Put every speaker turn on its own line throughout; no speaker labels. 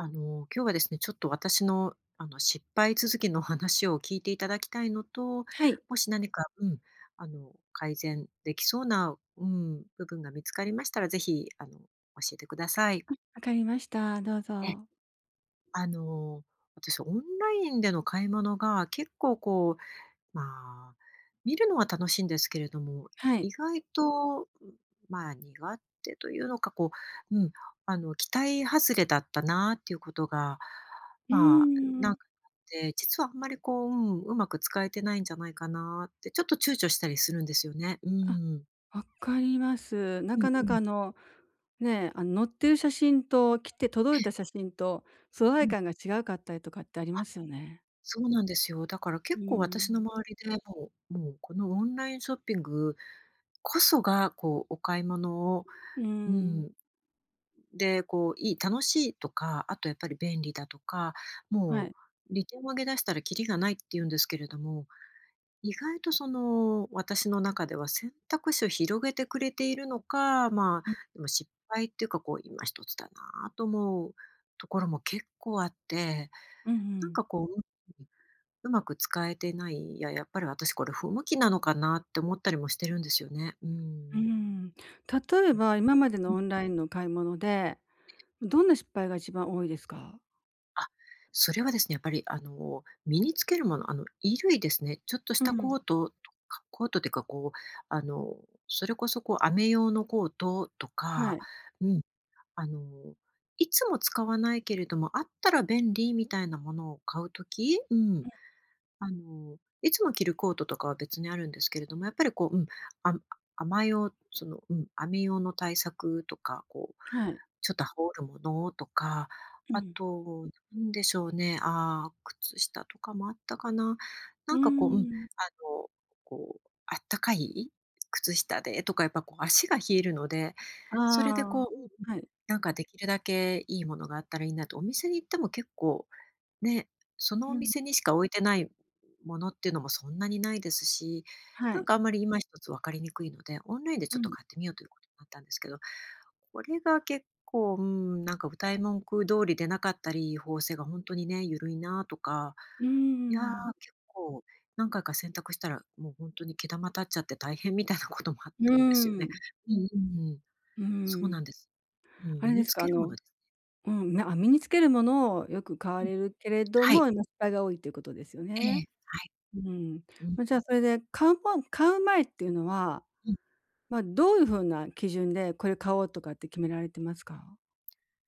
あの今日はですね、ちょっと私の、あの失敗続きの話を聞いていただきたいのと、
はい。
もし何か、うん、あの改善できそうな、うん、部分が見つかりましたら、ぜひあの教えてください。
うん、分かりました。どう
え。
ぞ。
あの私オンラインでの買い物が結構こう、ま、見るのは楽しいんですけれども、
はい。
意外と、ん、まあ、苦手というのか、こう、うん、あの期待外れだったなっていうことが、
うー
ま、なん
ん。
て、実はあんまりこう、うん、うまく使えてないんじゃないかなって、ちょっと躊躇したりするんですよね。うー
あ、
ん。
わかります。
う
な
ん
か
う
なか
ん。
あのね、あの載ってる写真と、来て、届
え
い
え。
た写真と素
う
材
ん。
感が違うかったりとかってあり
あ。
ますよね。
そうなんですよ。だから
う
結構
ー
私の
ん。
周りで、もうもうこのオンラインショッピングこそがこうお買い物を、
うー
う
ん。
ん。で、こういい、楽しいとか、あとやっぱり便利だとか、
は
も
い。
う利点を上げ出したらきりがないって言うんですけれども、意外とその私の中では選択肢を広げてくれているのか、ま、
ん。
でも失敗っていうか、こう今一つだなと思うところも結構あって、
うんう
なん
ん。
かこう、ううん、うまく使えてない、いや、やっぱり私これ不向きなのかなって思ったりもしてるんですよね、うー
うー
ん。
ん。例え
うん。
ば、今までの オンラインの買い物で、どんな失敗が一番多いですか？
あ、それはですね、やっぱり、あの、身につけるもの、あの、衣類ですね。ちょっとし
う
た
ん。
コートとかコートっていうか、こう、あの、それこそ、こう、雨用のコートと
は
か
い。
うん、あの、いつも使わないけれども、あったら便利みたいなものを買う時、うん、
うん。
あの、いつも着るコートとかは別にあるんですけれども、やっぱり、こう、うん、あ雨用、その、うん、雨用の対策とか、こう、
はい。
ちょっと羽織るものとか、
う
あ
ん。
となんでしょうね、あ、靴下とかもあったかな。
う
な
ー
んか、こううん、あ
ん。
の、こう、あったかい靴下でとかやっぱこう足が冷えるので、それで
ああ。
こううん、
はい。
なんか、できるだけいいものがあったらいいなと。お店に行っても結構ね、その
う
お
ん。
店にしか置いてないものっていうのもそんなにないですし、
は
なん
い。
か、あんまり、今一つ分かりにくいので、オンラインで
う
ちょっと
ん。
買ってみようということになったんですけど、これが結構、うーん、なんか、謳い文句通りでなかったり、縫製が本当にね、ゆるいなとか、
うー
いや、
ん。
結構何回か洗濯したら、もう、ほんとに毛玉立っちゃって大変みたいなこともあっ
うー
たんですよね。
ん。
うんうんうん、
うー
そう
ん。
なんです。うん、
あ
身
れで
に
す
つ
か、あ
けるも
の、
の。
うん、なあ、身につけるものをよく買わ
うん、
れるけれど
は
も、
い。
ま、失敗が多いということですよ
え
ね。
え、はい、
うん、
うん。
ま、じゃあ、それで、買うも買う前っていうのは、
うん。
ま、どういう風な基準でこれ買おうとかって決められてますか？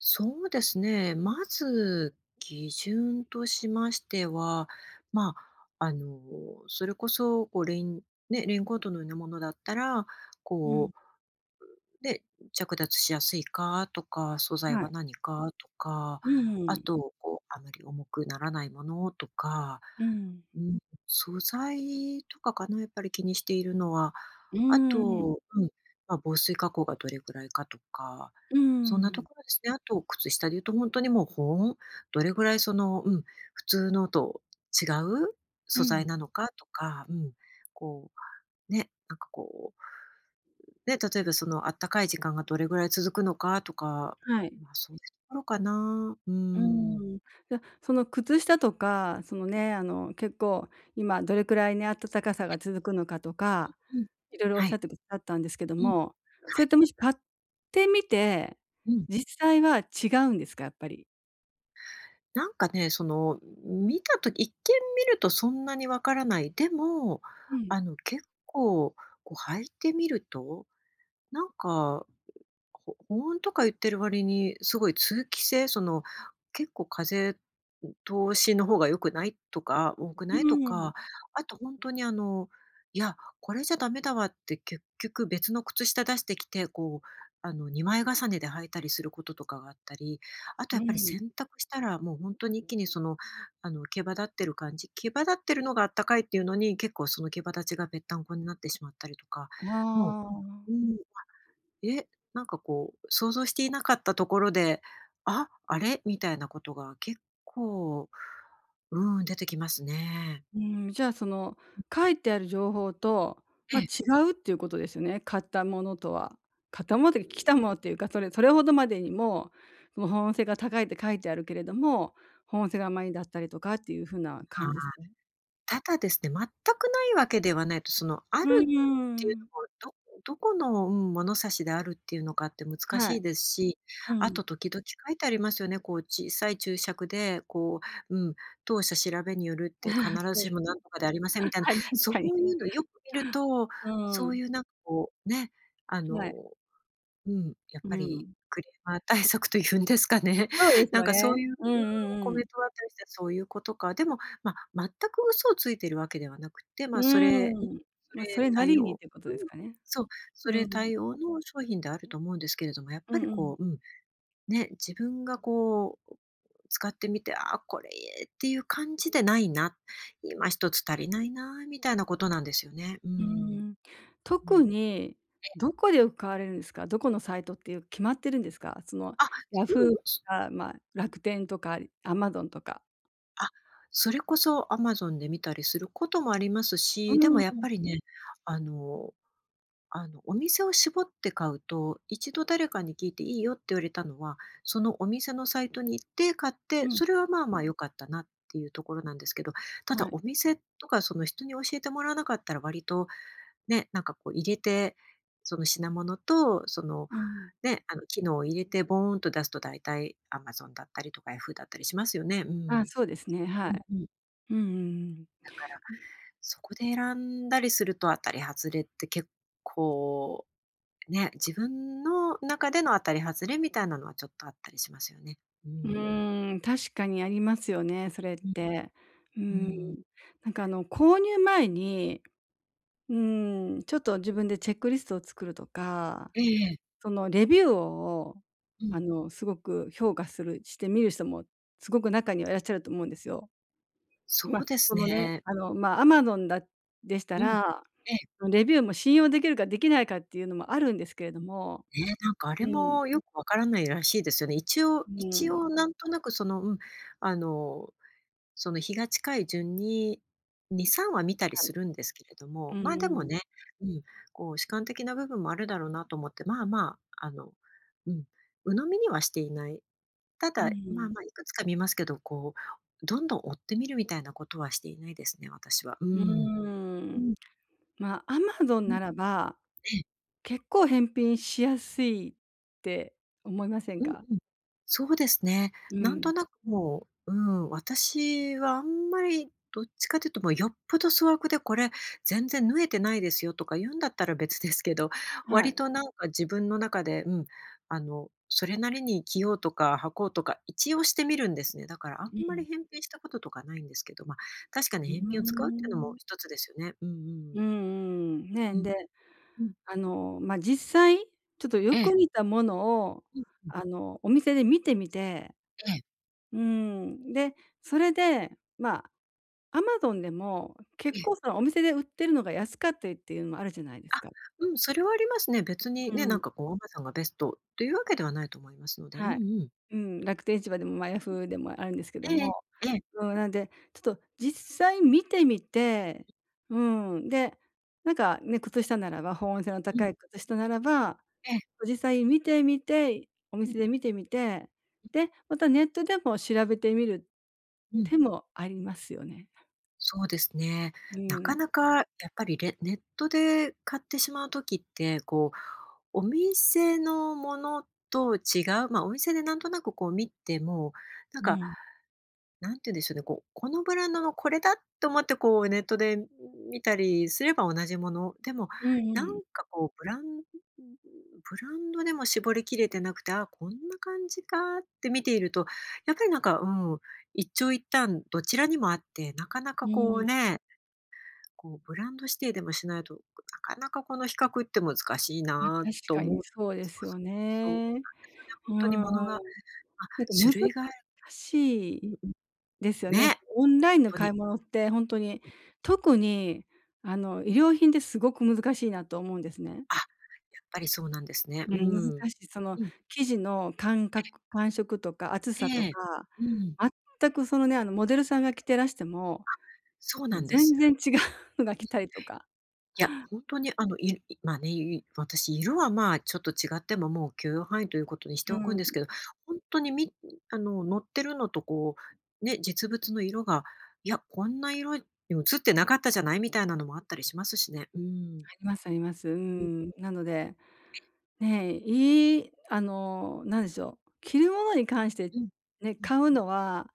そうですね、まず、基準としましては、ま、あの、それこそ、こう、レインね、レインコートのようなものだったら、
うん。
こうで、着脱しやすいかとか、素材
は
は
い。
何かとか、
ううー
あ
ん。
とこう、あまり重くならないものとか、
うん。
うん、素材とかかな、やっぱり、気にしているのは。
うー
あ
ん。
と、うん、ま、防水加工がどれくらいかとか、
うー
そんなと
ん。
ころですね。あと、靴下で言うと本当に、もう、保温。どれぐらい、その、うん、普通のと違う
う
素材
ん。
なのかとか、うん、こう、ね、なんかこう、ね、例えばそのあったかい時間がどれぐらい続くのかとか、
はい。
ま、そういうところかな。うー
う
ん。
ーん、じゃ、その靴下とか、そのね、あの、結構今どれくらいね、暖かさ
え。
が続くのかと
う
か、
うん。
いろいろおっ
は
しゃ
い。
ってくださったんですけど
うん。は
も、それ
い。
って、もし買ってみて、
うん。
実際は違うんですか、やっぱり？
なんかね、その、見たとき、一見見るとそんなにわからない、でも、
うん。
あの、結構、こう、履いてみると、なんか、ほ保温とか言ってる割にすごい通気性、その、「結構風通しの方が良くない？」とか、多く
う
ない？と
ーん。
か、あと本当に、あの、「いや、これじゃダメだわ」って結局別の靴下出してきて、こう、あの、二枚重ねで履いたりすることとかがあったり、あと、
う
や
ー
っぱり、
ん。
洗濯したら、もう、本当に一気に、その、あの、毛羽立ってる感じ、毛羽立ってるのがあったかいっていうのに、結構、その毛羽立ちがぺったんこになってしまったりとか、も
ああ。
う、うーん、え、なんかこう想像していなかったところで、あ、あれ？みたいなことが結構、うん、出てきますね。
うーん、じゃあ、その、書いてある情報と、
え
ま、違
え。
うっていうことですね。買ったものとは。買ったものとか、来た
ん。
ものっていうか、それそれほどまでにも保温性が高いって書いてあるけれども、保温性が甘いんだったりとかっていう風な感
あ
じですね。
あ、ただですね、全くないわけではないと、その、ある
うー
っていう
ん。
の、どどこの、うん、物差しであるっていうのかって難
は
しい
い。
ですし、
う
あ
ん。
と時々書いてありますよね、こう、小さい注釈で、こう、うん、当社調べによるって必 ず
そう
し
で
も何とかでありません
す
み
ね。
たいな、
はい、確
そう
かに。
いうのよく見ると、
う
そう
ん。
いう、なんか、こうね、あ
は
の、
い。
うん、やっ
うー
ぱり
ん。
クレーマー対策というんですかね。
そうです
なん
よ
か、そ
ね。
ういう
うんう
コ
ん-う
メン
ん。
トは [unintelligible] そういうことか。でも、ま、全く嘘をついているわけではなくて、
う
ま、それ、そ
ーん、ま、そ
れ
れな
対
りにっ
応、
ていうこと
うん、
ですかね。
そう、
う
そ
ー
れ
ん。
対応の商品であると思うんですけれども、やっ
う
ぱ
ん
り
うん。
こう、うん、ね、自分がこう使ってみて、「あ、これいい」っていう感じでないな、今一つ足りないなみたいなことなんですよね。う
うー
ん。
ん。
う
特
ん。
にどこでよく買われるんですか？どこのサイトっていう決まってるんですか？その、
あ、
ヤ
う
フ
ん
ーと
う。
か、ま、楽天とかアマゾンとか？
あ、それこそアマゾンで見たりすることもあります
う
し、で
ー
もやっぱ
ん。
りね、あの、あの、お店を絞って買うと、1度誰かに聞いていいよって言われたのは、そのお店のサイトに行って買って、
うん。
それはまあまあ良かったなっていうところなんですけど、ただ
はい。
お店とかその、人に教えてもらわなかったら割と、ね、なんかこう入れて、その品物とその
うん。
ね、あの機能を入れてボーンと出すと、だいたいアマゾンだったりとかヤフーだったりしますよね。うー
あ、
ん。
そうですね。は
うん
い。
うん。
うんうんうん。
だから、
ね。
そこで選んだりすると、当たり外れって結構、ね、自分の中での当たり外れみたいなのはちょっとあったりしますよね。う
う
ん。
ーん、確かにありますよね、それっ
うん。
て。うー
う
ん、
ん。
なんかあの購入前に、うーん、ちょっと自分でチェックリストを作るとか、
ええ。
そのレビューを
うん。
あの、すごく評価する、してみる人もすごく中にはいらっしゃると思うんですよ。
そ
ま、
うで
そ
す
のね、
ね。
あのま、アマゾンだでした
うん。
ら、
え。
レビューも信用できるかできないかっていうのもあるんですけれども、
ね、なんかあ
う
れ
ん。
もよく分からないらしいですよね。一応、
う
一応
ん。
なんとなくそのうん、あの、その日が近い順に2、3話見たり
はい。
するんですけれど
う
も、
ん
ま、
う
でも
ん。
ね、うん、こう主観的な部分もあるだろうなと思って、まあまあ、あの、うん、鵜呑みにはしていない。た
う
だ、ま
ん。
あまあいくつか見ますけど、こう、どんどん追って見るみたいなことはしていないですね、私は。うー
うー
ん。う
ん、
ん。
ま、アマゾン
うん。
ならば
え。
結構返品しやすいって思いません
うん
か？
うん。そうですね、
う
なん
ん。
となくもう、うん、私はあんまりどっちかというともうよっぽど粗悪で「これ、全然縫えてないですよ」とか言うんだったら別ですけど、
は
割
い。
となんか自分の中で、うん、あのそれなりに着ようとか履こうとか、一応してみるんですね。だからあん
う
まり
ん。
返品したこととかないんですけど、ま、確かに
うー
返品を使うっていうのも
ん。
1つですよね。うんうん。
うんうん、ね、
うん。
で、
うん。
あの、ま、実際ちょっとよ
え
く
え。
似たものを、
うんうん。
あのお店で見てみて
ええ。
うーん、で、それで、ま、アマゾンでも
え
結
え。
構そのお店で売ってるのが安かったりていうのもあるじゃないで
あ、
すか。
うん、それはありますね。別に
う
ね、なん
ん。
かこうアマゾンがベストというわけではないと思いますので、うん
は
う
い。
ん。
うん、楽天市場でも、ま、ヤ
う
フーでもあるんですけど
ん。え
も、
え。え。
そうなんでちょっと実際見てみて、うん、で、なんかね、靴下ならば、保温性の
うん。
高い靴下ならば、
ええ。
実際見てみて、お
うん。
店で見てみて、で、またネットでも調べてみる
うん。
手もありますよね。
そうですね。
う
なか
ん。
なかやっぱり、れネットで買ってしまう時って、こう、お店のものと違う、ま、お店でなんとなくこう見ても、なん
う
か
ん。
なんて言うんでしょうね、こう、このブランドのこれだと思ってこうネットで見たりすれば同じもの、でも
うん
なん
うん。
かこうブランブランドでも絞りきれてなくて「あ、こんな感じか」って見ていると、やっぱりなんか、うん、一長一短どちらにもあって、なかな
う
かこう
ん。
ねこうブランド指定でもしないと、なかなかこの比較って難しい
ま、確
なと
か
思っ
にそうで
そ
す
う
よ
そう、そうなんですよ
ね。
ね、
うー
本当に
ん。
ものが、あ、
なんか
種
難
類が
し
うん
い、
うん、
ですよね。
ね、
オンラインの
と
買
に。
い物ってほんとに。特に、あの衣料品ってすごく難しいなと思うんですね。
あ、やっぱりそうなんですね。
う
うー
ん、難
ん。
しい。その
うん。
生地の感
え。
覚、感触とか厚さと
ええ、
か、
うん。
全くそのね、あのモデルさんが着てらしても、
あ、そうなんで
全
す。うん。はい。
然違うのが来たりとか。
いや、本当にあの、いま、ね、いい私、色は、まあ、ちょっと違ってももう許容範囲ということにして
う
おくん
ん。
ですけど、本当にみあの載ってるのとこうね、実物の色が「いや、こんな色に映ってなかったじゃない？」みたいなのもあったりしますしね。うん。
ありますあります。う
うん。
ん。なのでね、いいあの何でしょう、着るものに関して
うん。
ね、
うん。
買うのは、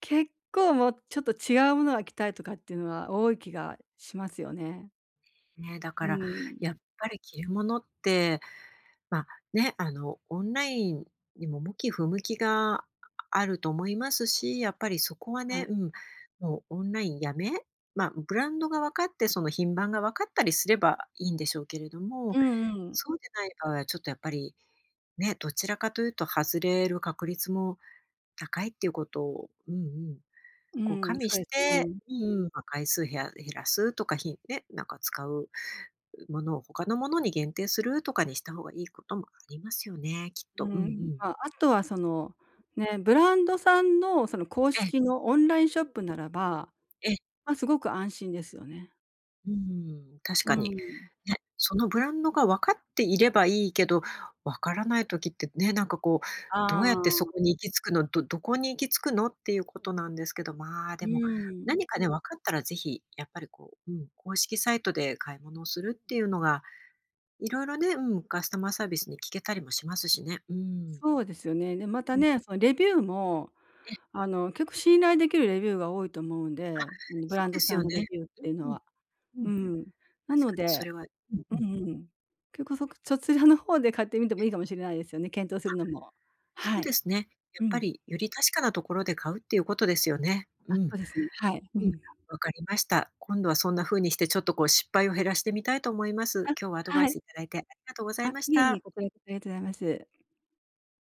結構もう、ちょっと違うものが着たいとかっていうのは多い気がしますよね。
ね、だ
う
から
ー
や
ん。
っぱり着るものって、ま、ね、あのオンラインにも向き不向きが、あると思いますし、やっぱりそこは
は
ね、
い。
うん、もうオンラインやめま、ブランドが分かって、その品番が分かったりすればいいんでしょうけれど
う
も、
んうん。
そうでない場合はちょっとやっぱりね、どちらかというと外れる確率も高いっていうことを、うんうん、
う
こう加
ーん、そ
味
う
し
です
て
ね。
うんうん、回数減ら減らすとかひんね、なんか使うものを他のものに限定するとかにした方がいいこともありますよね、きっ
うー
と。うんう
ん、
ん。
まあ、あとはその、ね、ブランドさんのその公
ええ。
式のオンラインショ
う
ッ
ん。
プならば、
ええ。
ま、すごく安心ですよね。
うーん、確
うー
かに。
ん。
ね、そのブランドが分かっていればいいけど、わからない時ってね、なんかこう、どう
あ
やってそ
あ。
こに行き着くの、どどこに行き着くのっていうことなんですけど、ま、
う
でも
ーん。
何かね、分かったらぜひ、やっぱりこう、うん、公式サイトで買い物をするっていうのが色々ね、うん、カスタマーサービスに聞けたりもしますしね。うーん。
そうですよね。で、ま
う
た
ん。
ね、そのレビューも、
え。
あの、結構信頼できるレビューが多いと思うん
あ、
で、うん、ブ
そ
ラ
う
ンド
です
さ
よ
ん
ね、
のレビューっ
う
ていうの
んうん、
は、
う
う
ん、確
ん。なの
かにそ
で
れは、うん
う
うん。
んうん。結構、そそちらの方で買ってみてもいいかもしれないですよね、検討す
あ、
るのも。
そ
は
うで
い。
すね、や
う
っぱ
ん。
り、より確かなところで買うっていうことですよね。うん、
あ、
う
そうですね。はい。う
ん、
ん。
わかりました。今度はそんな風にしてちょっとこう失敗を減らしてみたいと思います。
あ、
今日はアドバイ
はい。
スいただいてありがとうござ
あ、
いまし
いえいえ、
た。
こちらこそありがとうございます。